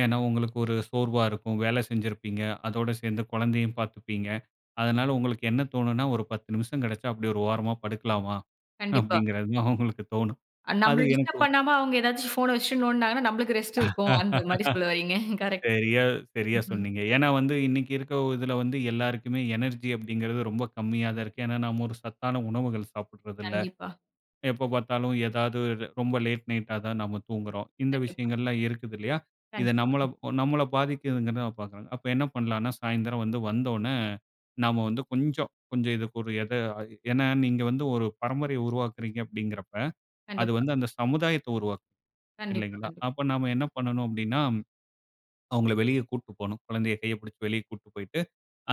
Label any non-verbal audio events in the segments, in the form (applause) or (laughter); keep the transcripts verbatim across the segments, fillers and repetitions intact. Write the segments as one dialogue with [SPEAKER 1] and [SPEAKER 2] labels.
[SPEAKER 1] ஏன்னா, உங்களுக்கு ஒரு சோர்வா இருக்கும். வேலை செஞ்சிருப்பீங்க. அதோட சேந்து குழந்தையையும் பாத்துப்பீங்க. அதனால உங்களுக்கு என்ன தோணுன்னா, ஒரு பத்து நிமிஷம் கெடைச்சா அப்டி ஒரு ஓரமா படுக்கலாமா,
[SPEAKER 2] கண்டிப்பா.
[SPEAKER 1] அப்டிங்கறது தான் உங்களுக்கு தோணும்.
[SPEAKER 2] அ
[SPEAKER 1] அது
[SPEAKER 2] நம்மள டிஸ்டர்ப்
[SPEAKER 1] எனக்கும்
[SPEAKER 2] பண்ணாம அவுங்க ஏதாச்சு ஃபோன் வச்சுட்டு நோண்டுனாங்கன்னா, நம்மளுக்கு ரெஸ்ட் இருக்கும். அந்த மாரி சொல்ல வர்றீங்க.
[SPEAKER 1] (laughs)
[SPEAKER 2] கரெக்ட்.
[SPEAKER 1] சரியா, சரியா
[SPEAKER 2] ம்ஹ்ம்.
[SPEAKER 1] சொன்னீங்க. ஏன்னா வந்து, இன்னைக்கு இருக்க ஒ இதுல வந்து, எல்லாருக்குமே எனர்ஜி அப்படிங்கறது, ரொம்ப கம்மியா தான் இருக்கு. ஏன்னா நம்ம ஒரு சத்தான உணவுகள் சாப்புடறதில்ல,
[SPEAKER 2] கண்டிப்பா.
[SPEAKER 1] எப்போ பாத்தாலும், எதாவது ரொம்ப லேட் நைட்டா தான் நம்ம தூங்குறோம். இந்த
[SPEAKER 2] கண்டிப்பா.
[SPEAKER 1] விஷயங்கள்லாம் இருக்குது இல்லையா? இது நம்மள
[SPEAKER 2] கண்டிப்பா.
[SPEAKER 1] அ நம்மள பாதிக்குதுனு நான் பாக்குறேன். அப்ப என்ன பண்ணலாம்னா, சாயந்தரம் வந்து, வந்தவோன்னே, நம்ம வந்து கொஞ்சம், கொஞ்சம் இதுக்கு ஒரு எத ஏன்னா, நீங்க வந்து ஒரு பரம்பரைய உருவாக்குறீங்க அப்படிங்கிறப்ப, அது
[SPEAKER 2] கண்டிப்பா.
[SPEAKER 1] வந்து அந்த சமுதாயத்த உருவாக்கும்.
[SPEAKER 2] கண்டிப்பா,
[SPEAKER 1] இல்லைங்களா,
[SPEAKER 2] கண்டிப்பா.
[SPEAKER 1] அப்ப நாம என்ன பண்ணணும் அப்டின்னா, அவுங்கள வெளிய கூட்டு போணும். குழந்தைய கைய பிடிச்சு வெளிய கூட்டு போய்ட்டு,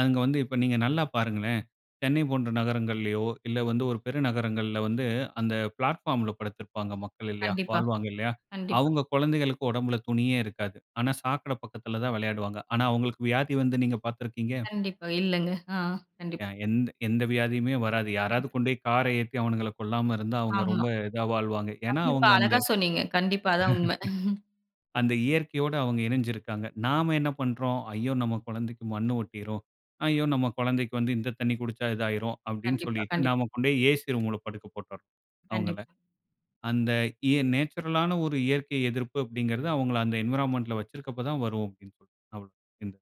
[SPEAKER 1] அங்க வந்து, இப்ப நீங்க நல்லா பாருங்களேன், சென்னை போன்ற நகரங்கள்லயோ, இல்ல வந்து ஒரு பெரிய நகரங்கள்ல வந்து, அந்த பிளாட்ஃபார்ம்ல படுத்திருப்பாங்க மக்கள் இல்லையா,
[SPEAKER 2] கண்டிப்பா,
[SPEAKER 1] வாழ்வாங்க இல்லையா,
[SPEAKER 2] கண்டிப்பா.
[SPEAKER 1] அவுங்க குழந்தைகளுக்கு உடம்புல துணியே இருக்காது. ஆனா சாக்கட பக்கத்துல தான் விளையாடுவாங்க. ஆனா அவுங்களுக்கு வியாதி வந்து நீங்க பாத்துருக்கீங்க?
[SPEAKER 2] கண்டிப்பா, இல்லங்க. அ கண்டிப்பா.
[SPEAKER 1] ய எந்த எந்த வியாதியுமே வராது.
[SPEAKER 2] ம்.
[SPEAKER 1] யாராவது கொண்டோய் கார ஏத்தி அவனுங்கள கொல்லாம இருந்தா, அவுங்க
[SPEAKER 2] ஆமா.
[SPEAKER 1] ரொம்ப இதா வாழ்வாங்க. ஏன்னா,
[SPEAKER 2] கண்டிப்பா,
[SPEAKER 1] அவுங்க அந்த
[SPEAKER 2] அழகா
[SPEAKER 1] (chuckles)
[SPEAKER 2] சொன்னீங்க. கண்டிப்பா அதான் உண்ம. (chuckles)
[SPEAKER 1] அந்த இயற்கையோட அவுங்க இணைஞ்சு இருக்காங்க. நாம என்ன பண்றோம்? "ஐயோ நம்ம கொழந்தைக்கு மண்ணு ஒட்டிரும். ஐயோ நம்ம கொழந்தைக்கு வந்து இந்த தண்ணீ குடிச்சா இது ஆயிரும்" அப்டின்னு
[SPEAKER 2] கண்டிப்பா,
[SPEAKER 1] சொல்லிட்டு,
[SPEAKER 2] கண்டிப்
[SPEAKER 1] நாம கொண்டோய் ஏ சி ரூம்ல படுக்க போட்டுர்றோம், அவுங்கள.
[SPEAKER 2] கண்டிப்
[SPEAKER 1] அந்த இ நேச்சுரலான ஒரு இயற்கை எதிர்ப்பு அப்டிங்கிறது, அவுங்கள அந்த என்வரான்மென்ட்ல வச்சிருக்கப்ப தான் தான் வரும் அப்டின்னு சொல்ட்டு நம்மளும் இந்த